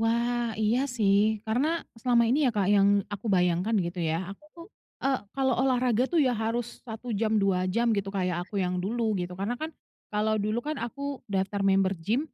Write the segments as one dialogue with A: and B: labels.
A: Wah iya sih, karena selama ini ya Kak yang aku bayangkan gitu ya, aku,
B: Mhm.
A: eee, kalau olahraga tuh ya harus 1 jam, 2, 3 jam gitu, kayak aku yang dulu, gitu. Karena kan, kalau dulu kan aku daftar member gym,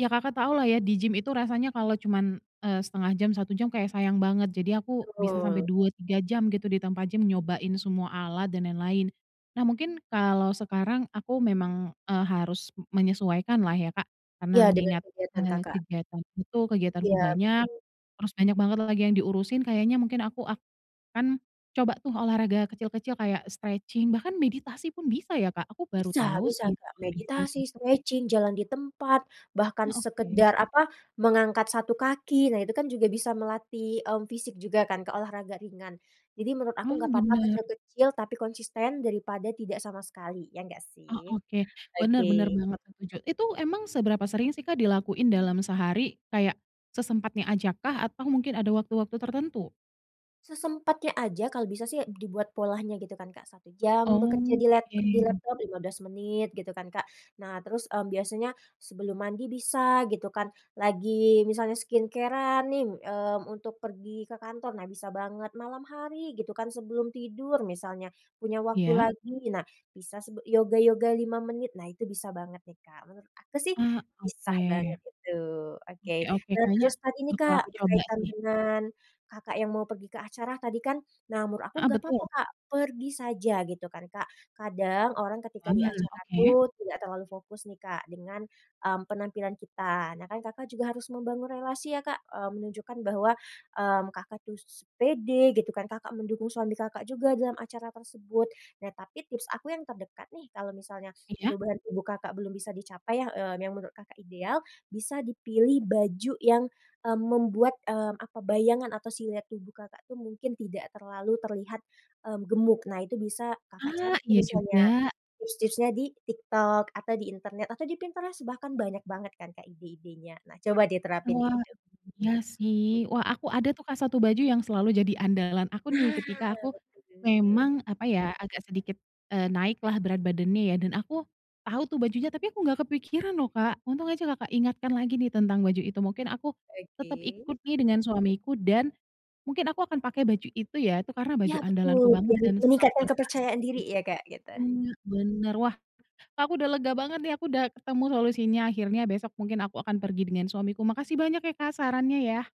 A: ya Kakak tau lah ya, di gym itu rasanya kalau cuman, eee, 0,5 jam, 1 jam kayak sayang banget, jadi aku bisa sampai
B: Betul.
A: 2,3 jam gitu di tempat gym, nyobain semua alat dan lain-lain. Nah mungkin, kalau sekarang aku memang, eee, harus menyesuaikan lah ya Kak, karena
B: Iya, dengan
A: mengingat,
B: kegiatan
A: eee,
B: Kakak.
A: kegiatanku itu, kegiatanku
B: Iya
A: banyak,
B: betul.
A: terus banyak banget lagi yang diurusin, kayaknya mungkin aku akan coba tuh olahraga kecil-kecil kayak stretching bahkan meditasi pun bisa ya Kak? aku baru
B: Bisa
A: tau
B: bisa
A: sih
B: Kak,
A: kalo
B: meditasi,
A: meditasi.
B: stretching, jalan di tempat, bahkan
A: Nah, oke.
B: sekedar, apa, mengangkat satu kaki, nah itu kan juga bisa melatih, mmm, fisik juga kan, ke olahraga ringan. Jadi menurut aku,
A: Wah,
B: nggak apa-apa,
A: benar.
B: kecil-kecil, tapi konsisten daripada tidak sama sekali, ya nggak
A: Oh
B: sih?
A: oke. Benar benar
B: Oke.
A: banget setuju. Itu emang seberapa sering sih Kak dilakuin dalam sehari, kayak sesempatnya ajak kah, atau mungkin ada waktu-waktu tertentu?
B: Sesempatnya aja, kalau bisa sih dibuat polanya gitu kan Kak, 1 jam bekerja
A: Oh,
B: di lap di
A: oke.
B: laptop 15 menit gitu kan Kak. Nah terus, mmm, biasanya sebelum mandi bisa gitu kan, lagi misalnya skincare-an, mmm nih, mmm, untuk pergi ke kantor, nah bisa banget. Malam hari gitu kan, sebelum tidur misalnya, punya waktu
A: Ya.
B: lagi, nah sebe bisa yoga yoga 5 menit, nah itu bisa banget nih Kak. Menurut aku sih,
A: Ah, oke.
B: pisah banget itu.
A: Oke
B: Oke,
A: oke,
B: nah
A: kayaknya,
B: terus saat ini
A: bakal
B: Kak,
A: aku coba
B: berkaitan
A: sih.
B: dengan Kakak yang mau pergi ke acara tadi kan, nah menurut aku
A: Heeh,
B: nggak
A: betul.
B: apa-apa Kak pergi saja, gitu kan Kak. Kadang orang ketika
A: Wah,
B: di acara
A: oke.
B: tuh, tidak terlalu fokus nih Kak dengan, mmm, penampilan kita. Nah kan Kakak juga harus membangun relasi ya Kak, mmm, menunjukkan bahwa, mmm, Kakak tuh s pede gitu kan, Kakak mendukung suami Kakak juga dalam acara tersebut. Nah tapi tips aku yang terdekat nih, kalau misalnya
A: Iya?
B: perubahan tubuh Kakak belum bisa dicapai yah, eee, yang menurut Kakak ideal, bisa dipilih baju yang, mmm, membuat, eee, bayangan atau siluet tubuh Kakak tuh, mungkin tidak terlalu terlihat, mmm, gemuk. Nah itu bisa Kakak cari
A: Ah,
B: tuh
A: iya
B: misalnya,
A: juga.
B: tips-tipsnya di TikTok, atau di internet, atau di Pinterest. Bahkan banyak banget kan Kak, ide-idenya. Nah coba deh terapin
A: Wah.
B: itu.
A: Iya sih. Wah aku ada tuh Kak 1 baju yang selalu jadi andalan aku nih,
B: Nah,
A: ketika aku
B: betul.
A: memang, apa ya, agak sedikit, eee, naik lah berat badannya ya, dan aku tahu tuh bajunya. Tapi aku nggak kepikiran loh Kak, untung aja Kakak ingatkan lagi nih tentang baju itu. Mungkin aku, tetap
B: Oke.
A: ikut nih dengan suamiku dan, mungkin aku akan pakai baju itu ya, itu karena baju
B: Iya,
A: andalanku
B: betul.
A: banget
B: Biar
A: dan selalu
B: meningkatkan kepercayaan
A: berhasil.
B: diri ya Kak, gitu?
A: Benar benar. Wah, Kak aku udah lega banget nih. aku udah ketemu solusinya akhirnya, besok mungkin aku akan pergi dengan suamiku, makasih banyak ya Kak sarannya ya.